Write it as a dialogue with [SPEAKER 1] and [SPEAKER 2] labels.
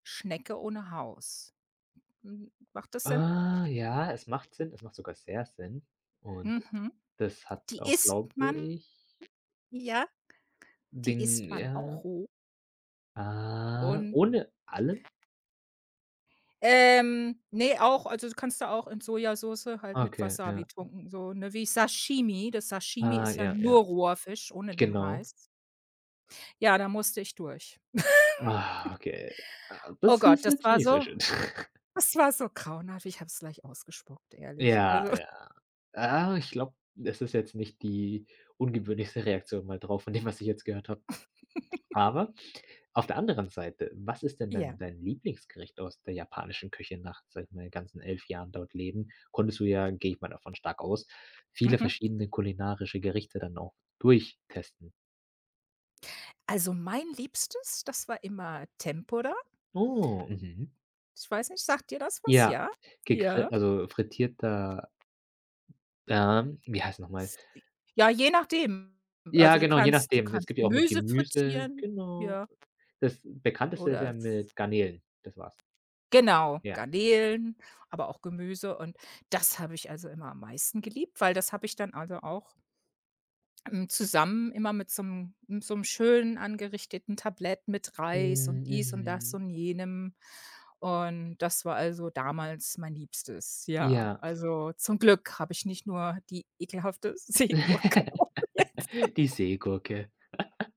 [SPEAKER 1] Schnecke ohne Haus. M macht das Sinn?
[SPEAKER 2] Ah, ja. Es macht Sinn, es macht sogar sehr Sinn und
[SPEAKER 1] Mhm.
[SPEAKER 2] das hat
[SPEAKER 1] Die
[SPEAKER 2] auch,
[SPEAKER 1] isst
[SPEAKER 2] glaube
[SPEAKER 1] man.
[SPEAKER 2] ich
[SPEAKER 1] Ja, die isst
[SPEAKER 2] [unintelligible]
[SPEAKER 1] man
[SPEAKER 2] ja.
[SPEAKER 1] auch roh.
[SPEAKER 2] Ah.
[SPEAKER 1] Und
[SPEAKER 2] Ohne allem?
[SPEAKER 1] Ähm, ne, auch also, kannst du auch in Sojasoße halt mit
[SPEAKER 2] Okay,
[SPEAKER 1] Wasser
[SPEAKER 2] ja. [unintelligible]
[SPEAKER 1] betunken, so, ne? Wie Sashimi, das Sashimi
[SPEAKER 2] Ah,
[SPEAKER 1] ist ja
[SPEAKER 2] ja, ja.
[SPEAKER 1] nur roher Fisch ohne den
[SPEAKER 2] Genau.
[SPEAKER 1] Reis. Ja, da musste ich durch.
[SPEAKER 2] Ah, okay, ah,
[SPEAKER 1] Oh
[SPEAKER 2] das
[SPEAKER 1] Gott,
[SPEAKER 2] ist
[SPEAKER 1] das
[SPEAKER 2] jetzt
[SPEAKER 1] war
[SPEAKER 2] nicht so
[SPEAKER 1] so
[SPEAKER 2] schön.
[SPEAKER 1] das war so grauenhaft. Ich habe es gleich ausgespuckt, ehrlich. Also
[SPEAKER 2] Ja, ja. Äh, ich glaube, das ist jetzt nicht die ungewöhnlichste Reaktion mal drauf von dem, was ich jetzt gehört habe. Aber auf der anderen Seite: was ist denn
[SPEAKER 1] Ja.
[SPEAKER 2] dein dein Lieblingsgericht aus der japanischen Küche nach, sage ich mal ganzen 11 Jahren dort leben? Konntest du, ja, gehe ich mal davon stark aus, viele
[SPEAKER 1] Mhm.
[SPEAKER 2] verschiedene kulinarische Gerichte dann auch durchtesten?
[SPEAKER 1] Also, mein liebstes, das war immer Tempura.
[SPEAKER 2] Oh, mhm.
[SPEAKER 1] Ich weiß nicht, sagt dir das was,
[SPEAKER 2] Ja,
[SPEAKER 1] ja?
[SPEAKER 2] gegrill
[SPEAKER 1] Ja.
[SPEAKER 2] also, frittierter ähm, wie heißt noch mal?
[SPEAKER 1] S di Je nachdem.
[SPEAKER 2] Ja,
[SPEAKER 1] Also, du
[SPEAKER 2] genau, je
[SPEAKER 1] kannst, du
[SPEAKER 2] nachdem. Es
[SPEAKER 1] kannst
[SPEAKER 2] gibt ja auch mit
[SPEAKER 1] Gemüse
[SPEAKER 2] Gemüse,
[SPEAKER 1] frittieren,
[SPEAKER 2] genau.
[SPEAKER 1] ja.
[SPEAKER 2] Das bekannteste ist
[SPEAKER 1] Oder
[SPEAKER 2] ja
[SPEAKER 1] f
[SPEAKER 2] mit Garnelen, das war's.
[SPEAKER 1] Genau,
[SPEAKER 2] Ja.
[SPEAKER 1] Garnelen, aber auch Gemüse und das habe ich, also, immer am meisten geliebt, weil das habe ich dann, also, auch hm, zusammen immer mit so 'nem m so 'nem schön angerichteten Tablett, mit Reis und
[SPEAKER 2] Hm,
[SPEAKER 1] dies und das
[SPEAKER 2] mhm.
[SPEAKER 1] und jenem und das war, also, damals mein Liebstes. Ja,
[SPEAKER 2] Ja.
[SPEAKER 1] also, zum Glück habe ich nicht nur die ekelhafte Seegurke probiert.
[SPEAKER 2] Die Seegurke.